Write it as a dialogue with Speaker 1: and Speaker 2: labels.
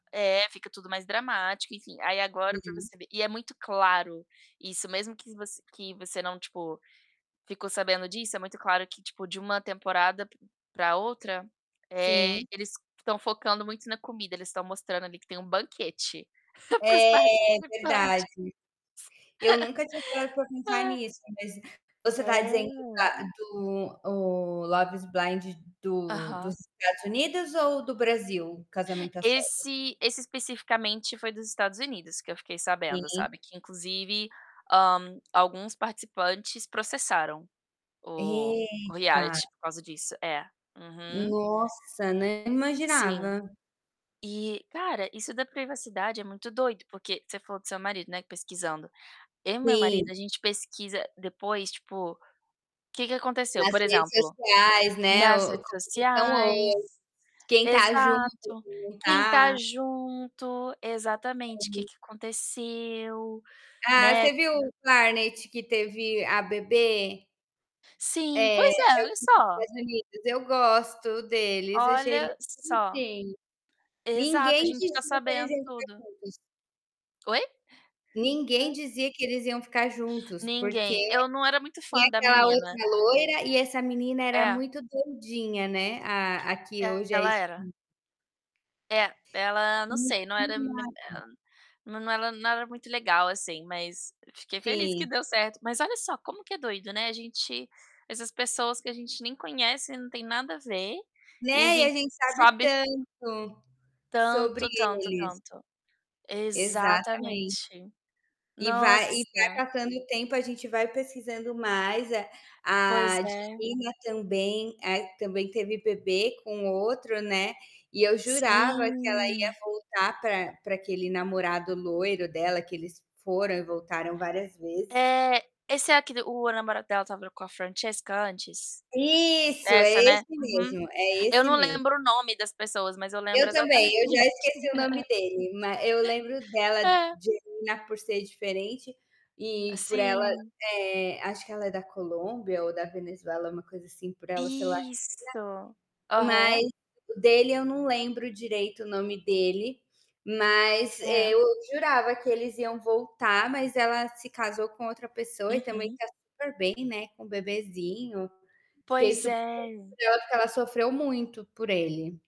Speaker 1: É, fica tudo mais dramático, enfim. Aí agora pra
Speaker 2: Uhum.
Speaker 1: você ver e é muito claro isso, mesmo que voc que você não, tipo, ficou sabendo disso, é muito claro que, tipo, de uma temporada p pra outra, eh,
Speaker 2: Sim.
Speaker 1: eles estão focando muito na comida. Eles estão mostrando ali que tem um banquete pros
Speaker 2: É, verdade.
Speaker 1: participantes.
Speaker 2: Eu nunca tinha parado pra pensar nisso, mas você tá dizendo
Speaker 1: É.
Speaker 2: da do o Love is Blind do dos
Speaker 1: Aham.
Speaker 2: Estados Unidos ou do Brasil, Casamento à Cega?
Speaker 1: Esse esse especificamente foi dos Estados Unidos que eu fiquei sabendo,
Speaker 2: Sim.
Speaker 1: sabe, que inclusive, hã, alguns participantes processaram o o
Speaker 2: Eita!
Speaker 1: reality por causa disso. É. Uhum.
Speaker 2: Nossa, nem
Speaker 1: Sim.
Speaker 2: imaginava.
Speaker 1: E, cara, isso da privacidade é muito doido, porque você falou do seu marido, né, pesquisando. Eu e meu marido,
Speaker 2: Sim.
Speaker 1: a gente pesquisa depois, tipo, que que aconteceu.
Speaker 2: Nas
Speaker 1: Por
Speaker 2: redes
Speaker 1: exemplo
Speaker 2: sociais, né.
Speaker 1: Nas
Speaker 2: O como
Speaker 1: redes
Speaker 2: que estão
Speaker 1: sociais,
Speaker 2: hoje, quem tá junto,
Speaker 1: exato.
Speaker 2: quem não
Speaker 1: Quem tá
Speaker 2: tá.
Speaker 1: junto. Exatamente. Que
Speaker 2: [unintelligible]
Speaker 1: que aconteceu,
Speaker 2: Ah,
Speaker 1: né.
Speaker 2: você viu o Barnett que teve a bebê?
Speaker 1: Sim,
Speaker 2: É, é
Speaker 1: pois é.
Speaker 2: o
Speaker 1: Olha
Speaker 2: dos
Speaker 1: só.
Speaker 2: Estados Unidos. Eu gosto deles. Achei eles
Speaker 1: Olha só.
Speaker 2: bonitinhos.
Speaker 1: Exato, a
Speaker 2: Ninguém
Speaker 1: gente fica
Speaker 2: dizia que eles
Speaker 1: sabendo
Speaker 2: iam ficar
Speaker 1: tudo.
Speaker 2: juntos.
Speaker 1: Oi?
Speaker 2: Ninguém
Speaker 1: Hã.
Speaker 2: dizia que eles iam ficar juntos, porque
Speaker 1: Ninguém. Eu não era muito
Speaker 2: tinha
Speaker 1: fã da
Speaker 2: aquela
Speaker 1: menina.
Speaker 2: outra loira e essa menina era
Speaker 1: É.
Speaker 2: muito doidinha, né. A a que hoje é a
Speaker 1: Ela
Speaker 2: es
Speaker 1: era. É, ela não
Speaker 2: [unintelligible]
Speaker 1: sei, não era me hã,
Speaker 2: [unintelligible]
Speaker 1: nã não era nada muito legal assim, mas fiquei feliz que
Speaker 2: Sim.
Speaker 1: deu certo. Mas olha só como que é doido, né. A gente essas pessoas que a gente nem conhece, não tem nada a ver e a
Speaker 2: Né. E a
Speaker 1: gente
Speaker 2: gente sabe
Speaker 1: sabe
Speaker 2: tanto sobre
Speaker 1: tanto, tanto,
Speaker 2: eles.
Speaker 1: tanto.
Speaker 2: Exatamente.
Speaker 1: Exatamente.
Speaker 2: E vai e
Speaker 1: Nossa!
Speaker 2: vai passando o tempo, a gente vai pesquisando mais. A
Speaker 1: Pois
Speaker 2: a
Speaker 1: é.
Speaker 2: Divina também, é a que também teve bebê com outro, né. E eu jurava que ela ia
Speaker 1: Sim.
Speaker 2: voltar pra pra aquele namorado loiro dela, que eles foram e voltaram várias vezes.
Speaker 1: É! Esse é aquele o namorado dela estava com a Francesca antes?
Speaker 2: Isso! É
Speaker 1: Essa, né.
Speaker 2: esse
Speaker 1: Uhum.
Speaker 2: mesmo. É
Speaker 1: Eu
Speaker 2: esse
Speaker 1: não
Speaker 2: mesmo.
Speaker 1: lembro o nome das pessoas, mas eu lembro
Speaker 2: Eu também,
Speaker 1: exatamente.
Speaker 2: eu já esqueci o nome dele, ma eu lembro dela,
Speaker 1: É.
Speaker 2: Divina, por ser diferente
Speaker 1: Ah,
Speaker 2: e por ela,
Speaker 1: sim.
Speaker 2: eh, acho que ela é da Colômbia ou da Venezuela, uma coisa assim, por ela ser latina,
Speaker 1: Isso!
Speaker 2: mas
Speaker 1: Aham.
Speaker 2: o dele eu não lembro direito o nome dele. Mas, eh,
Speaker 1: É.
Speaker 2: eu jurava que eles iam voltar, mas ela se casou com outra pessoa e também
Speaker 1: Uhum.
Speaker 2: tá super bem, né, com o bebezinho. Fiquei
Speaker 1: Pois
Speaker 2: super
Speaker 1: é!
Speaker 2: curiosa, porque ela sofreu muito por ele.